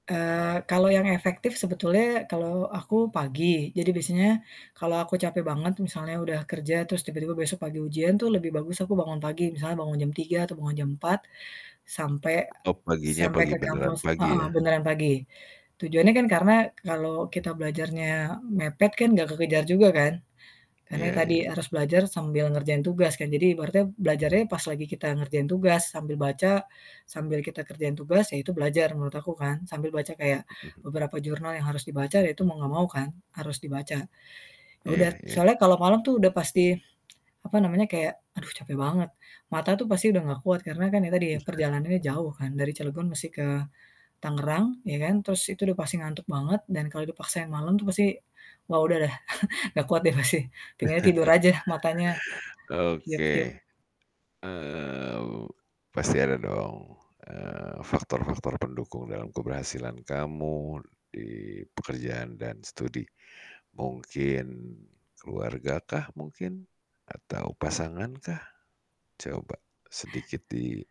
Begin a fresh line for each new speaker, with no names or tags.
Eee, kalau yang efektif sebetulnya kalau aku pagi. Jadi biasanya kalau aku capek banget misalnya udah kerja terus tiba-tiba besok pagi ujian tuh lebih bagus aku bangun pagi misalnya bangun jam 3.00 atau bangun jam 4.00 sampai
Top paginya
sampai
pagi,
ke
beneran
kampus.
pagi
Heeh,
ya?
beneran pagi. Tujuannya kan karena kalau kita belajarnya mepet kan enggak kekejar juga kan. Karena
Iya
itu tadi
iya.
harus belajar sambil ngerjain tugas kan jadi ibaratnya belajarnya pas lagi kita ngerjain tugas sambil baca sambil kita kerjain tugas ya itu belajar menurut aku kan. Sambil baca kayak
Mhm mhm.
beberapa jurnal yang harus dibaca ya itu mau nggak mau kan harus dibaca. Yaudah
Iya iya.
soalnya kalau malam tuh udah pasti, apa namanya, kayak aduh capek banget. Mata tuh pasti udah ga kuat karena kan tadi
Usaha.
perjalanannya jauh kan dari Cilegon mesti ke Tangerang ya kan terus itu udah pasti ngantuk banget dan kalau dipaksain malem tuh pasti wah udah deh nggak kuat deh pasti, tinggalnya tidur aja matanya, kiyep-kiyep.
Oke. Eee. Pasti ada dong, eee, faktor-faktor pendukung dalam keberhasilan kamu di pekerjaan dan study. Mungkin, keluarga kah mungkin? Atau pasangan kah? Coba sedikit di